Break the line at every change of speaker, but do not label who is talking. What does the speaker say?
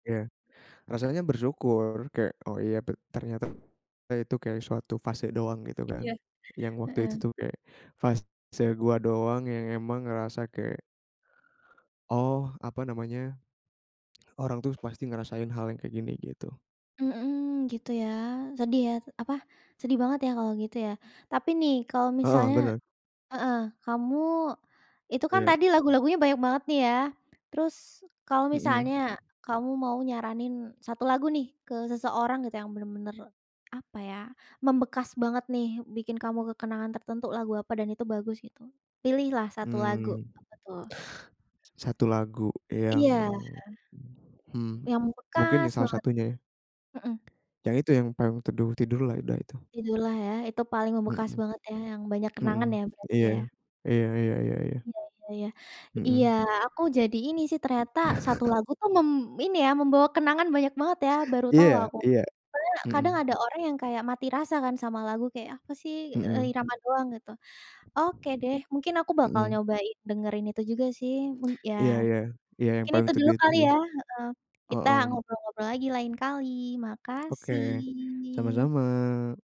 Iya. Rasanya bersyukur. Kayak, oh iya ter ternyata itu kayak suatu fase doang gitu kan.
Iya.
Yang waktu itu
Heeh.
tuh kayak fase gua doang yang emang ngerasa kayak oh, apa namanya, orang tuh pasti ngerasain hal yang kayak gini gitu.
Mhm, gitu ya. Sedih ya, apa, sedih banget ya, kalau gitu ya. Tapi nih kalau
Heeh,
misalnya
benar.
heeh, kamu itu kan
Iya.
tadi lagu-lagunya banyak banget nih ya. Terus kalau
Hmm.
misalnya, kamu mau nyaranin 1 lagu nih ke seseorang gitu yang benar-benar, apa ya, membekas banget nih, bikin kamu ke kenangan tertentu lagu apa dan itu bagus, gitu. Pilihlah satu lagu,
Mhm.
apa tuh?
1 lagu yang,
Iya.
hmm,
Yang
mungkin
membekas
ya salah
banget.
satunya ya?
Mhm.
Yang itu yang Payung Teduh, Tidurlah, udah itu.
Tidurlah ya, itu paling membekas
Mhm.
banget ya, yang banyak kenangan
Mhm.
ya berarti
Iya.
ya?
Iya iya, ya ya.
Iya, ya ya. Iya,
Mhm.
aku jadi ini sih ternyata satu lagu tuh mem ini ya, membawa kenangan banyak banget ya, baru tahu
Iya,
aku.
iya.
Karena kadang
Mhm.
ada orang yang kayak mati rasa kan sama lagu, kayak apa sih, eee,
Mhm.
irama doang gitu. Oke deh, mungkin aku bakal
Mhm.
nyobain dengerin itu juga sih mung ya.
Iya iya. Iya yang
Mungkin
Payung
itu dulu
Teduh itu
kali
sih.
ya, heeh. Kita
Mhm.
ngobrol-ngobrol lagi lain kali.
Oke.
Makasih.
Sama-sama.